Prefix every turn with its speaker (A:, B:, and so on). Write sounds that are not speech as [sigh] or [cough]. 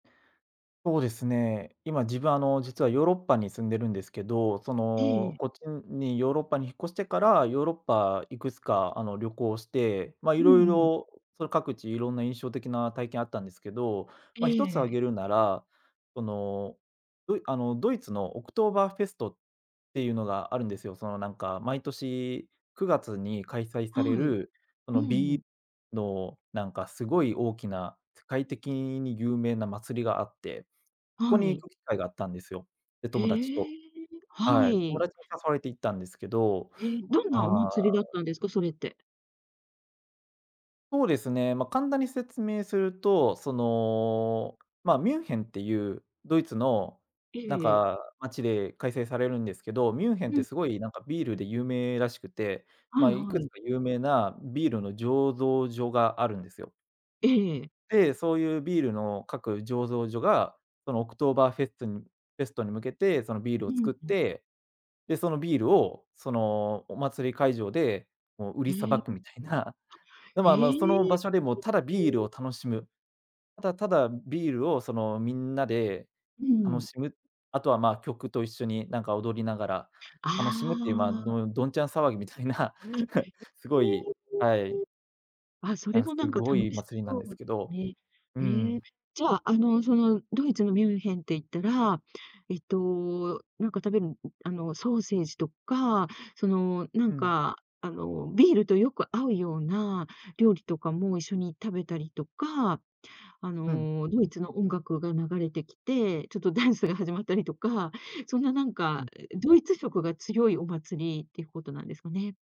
A: ほうですね、今、自分あの、実はヨーロッパに住んでるんですけど、そ
B: えええ
A: の、
B: え。
A: こっちんにヨーロッパに引っ越してから、ヨーロッパいくつかあの、旅行して、ま、い
B: うん
A: ろい
B: う
A: ろ
B: ん。
A: をその各地いろんな印象的な体験あったんですけど、ま、一つ挙
B: ええ。
A: げるなら、その、ドイあの、ドイツのオクトーバーフェストっていうのがあるんですよ。その、なんか毎年9月に開催
B: は
A: され
B: い。
A: る、そ
B: う
A: の、
B: んう
A: ビ
B: ん。
A: ーのなんかすごい大きな、世界的にに有名な祭りがあって、ここ
B: は
A: に行
B: い。
A: く機会があったんですよ。で、
B: へ
A: 友達と。
B: え、は
A: はい、友
B: い。
A: 達に誘われて行ったんですけど、
B: え、どんなお
A: ああ
B: 祭りだったんですか？それって。
A: ほうですね、ま、簡単に説明すると、その、ま、ミュンヘンっていうドイツの、
B: ええ
A: なん
B: ええ。
A: か街で開催されるんですけど、ミュンヘンっ
B: う
A: て
B: ん。
A: すごいなんかビールで有名らしくて、
B: は
A: ま、
B: い
A: い
B: は
A: くつ
B: い。
A: か有名なビールの醸造所があるんですよ。
B: ええええ。
A: で、そういうビールの各醸造所が、そのオクトーバーフェストンフェストに向けてそのビールを
B: うん
A: 造っ
B: うん。
A: て、で、そのビールをそのお祭り会場で、もう売りさ
B: ええ、
A: ばくみたいな、で、
B: え。
A: まま、その
B: え
A: 場
B: え。
A: 所でもただビールを
B: [unintelligible]
A: 楽しむ、ただただビールをそのみんなで
B: う
A: 楽
B: ん。
A: しむ、あとはま、曲と一緒になんか踊りながら、楽しむっ
B: あ
A: ていう、ま、
B: あ。
A: のどんちゃん騒ぎみたいな、
B: あ、
A: す
B: え、
A: ごい
B: へえ、
A: はい。
B: あ、そ
A: な
B: れ
A: んか
B: もな
A: す
B: んか
A: ごい
B: 楽し
A: 祭りなん
B: そ
A: です
B: う
A: け
B: です
A: ど、
B: ね。
A: う
B: へえ。
A: ん。
B: じゃあ、あの、そのドイツのミュンヘンって言ったら、えっと、何か食べむうん、あの、ソーセージとか、その、
A: う
B: 何
A: ん。
B: かあの、ビールとよく合うような料理とかも一緒に食べたりとか、あ
A: うん。
B: の、ドイツの音楽が流れてきて、ちょっとダンスが始まったりとか、そんな何
A: う
B: か
A: ん。
B: ドイツ色が強いお祭りっていうことなんですかね？